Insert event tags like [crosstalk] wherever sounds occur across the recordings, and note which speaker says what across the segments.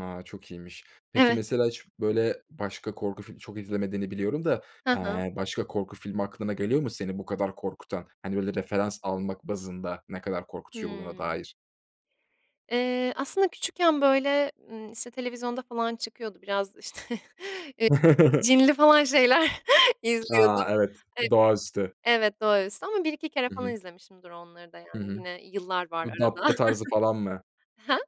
Speaker 1: A, çok iyiymiş. Peki,
Speaker 2: Evet.
Speaker 1: mesela hiç, böyle, başka korku fil çok izlemediğini biliyorum da,
Speaker 2: Hı hı.
Speaker 1: eee, başka korku filmi aklına geliyor mu seni bu kadar korkutan? Hani, böyle, referans almak bazında ne kadar korkutucu olduğuna
Speaker 2: Hımm.
Speaker 1: dair?
Speaker 2: Eee, aslında küçükken, böyle, ımm, işte, televizyonda falan çıkıyordu, biraz, işte eee,
Speaker 1: [chuckles]
Speaker 2: cinli falan şeyler izliyordum.
Speaker 1: A, evet.
Speaker 2: Eee
Speaker 1: Doğaüstü.
Speaker 2: Evet, doğaüstü ama 1-2 kere
Speaker 1: Hı
Speaker 2: falan
Speaker 1: hı.
Speaker 2: izlemişimdir onları da,
Speaker 1: Hı
Speaker 2: yani,
Speaker 1: hı.
Speaker 2: yine yıllar var
Speaker 1: Bu
Speaker 2: arada.
Speaker 1: "Dabbe" tarzı falan mı?
Speaker 2: [chuckles] Ha?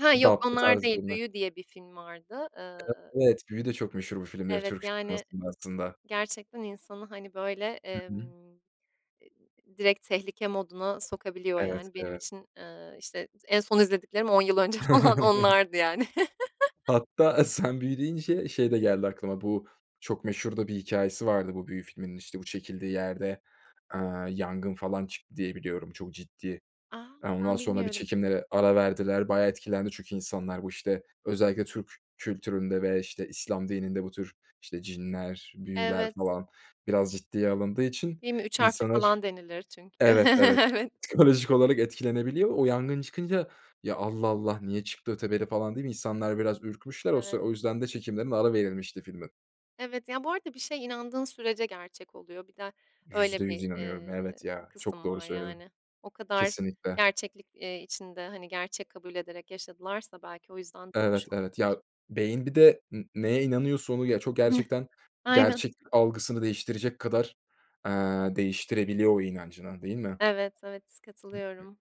Speaker 2: Ha, yok
Speaker 1: "Dabbe"
Speaker 2: onlar
Speaker 1: tarzı
Speaker 2: değil.
Speaker 1: filmler.
Speaker 2: "Büyü" diye bir film vardı, ııı
Speaker 1: [unintelligible] evet. "Büyü" de çok meşhur bu filmleri
Speaker 2: Evet,
Speaker 1: Türk
Speaker 2: yani,
Speaker 1: sinemasında aslında.
Speaker 2: gerçekten insanı, hani, böyle,
Speaker 1: Hı hı.
Speaker 2: emm direkt tehlike moduna sokabiliyor,
Speaker 1: Evet,
Speaker 2: yani, benim
Speaker 1: evet.
Speaker 2: için, eee, işte, en son izlediklerim 10 yıl önce falan onlardı, yani.
Speaker 1: [chuckles]
Speaker 2: [chuckles]
Speaker 1: Hatta, eee, sen "Büyü" deyince şey de geldi aklıma, bu çok meşhur da bir hikâyesi vardı bu "Büyü" filminin, işte, bu çekildiği yerde, aaa, yangın falan çıktı diye biliyorum çok ciddi.
Speaker 2: A,
Speaker 1: Aaa, ondan
Speaker 2: ben
Speaker 1: sonra bir
Speaker 2: bilmiyorum.
Speaker 1: çekimlere ara verdiler bayağı etkilendi çünkü insanlar. Bu, işte, özellikle Türk kültüründe ve, işte, İslam dininde bu tür, işte, cinler, büyüler
Speaker 2: Evet.
Speaker 1: falan biraz ciddiye alındığı için
Speaker 2: Değil mi? "Üç harfli"
Speaker 1: insanlar
Speaker 2: falan denilir çünkü.
Speaker 1: Evet, evet,
Speaker 2: [chuckles] Evet.
Speaker 1: psikolojik olarak etkilenebiliyor. O yangın çıkınca, "Ya, Allah Allah niye çıktı?" öteberi, falan diye insanlar biraz ürkmüşler o sıra,
Speaker 2: Evet.
Speaker 1: o yüzden de çekimlerine ara verilmişti filmin.
Speaker 2: Evet, ya, bu arada bir şey inandığın sürece gerçek oluyor. Bir de öyle
Speaker 1: %100
Speaker 2: bir,
Speaker 1: inanıyorum.
Speaker 2: eee,
Speaker 1: Evet ya, çok
Speaker 2: kısım
Speaker 1: doğru
Speaker 2: var,
Speaker 1: söyledin.
Speaker 2: yani. O kadar
Speaker 1: Kesinlikle.
Speaker 2: gerçeklik, eee, içinde, hani, gerçek kabul ederek yaşadılarsa belki o yüzden olmuş
Speaker 1: Evet, evet.
Speaker 2: olabilir.
Speaker 1: Ya, beyin bir de ne neye inanıyorsa onu, ya, çok
Speaker 2: Hıh,
Speaker 1: gerçekten
Speaker 2: aynen.
Speaker 1: gerçeklik algısını değiştirecek kadar, aaa, değiştirebiliyor o inancını, değil mi?
Speaker 2: [chuckles] Evet, evet katılıyorum.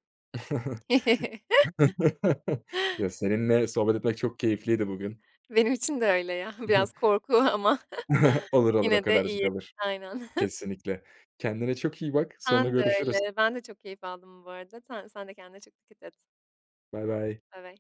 Speaker 2: [chuckles]
Speaker 1: [chuckles] Ya, seninle sohbet etmek çok keyifliydi bugün.
Speaker 2: Benim için de öyle ya. Biraz
Speaker 1: [chuckles]
Speaker 2: korku ama
Speaker 1: [chuckles]
Speaker 2: [chuckles]
Speaker 1: Olur, olur o
Speaker 2: yine de
Speaker 1: kadarcık
Speaker 2: iyi,
Speaker 1: olur.
Speaker 2: aynen. [chuckles]
Speaker 1: Kesinlikle. Kendine çok iyi bak.
Speaker 2: Sen
Speaker 1: Sonra
Speaker 2: de
Speaker 1: görüşürüz.
Speaker 2: öyle. Ben de çok keyif aldım bu arada. Sen sen de kendine çok dikkat et.
Speaker 1: Baybay.
Speaker 2: Baybay.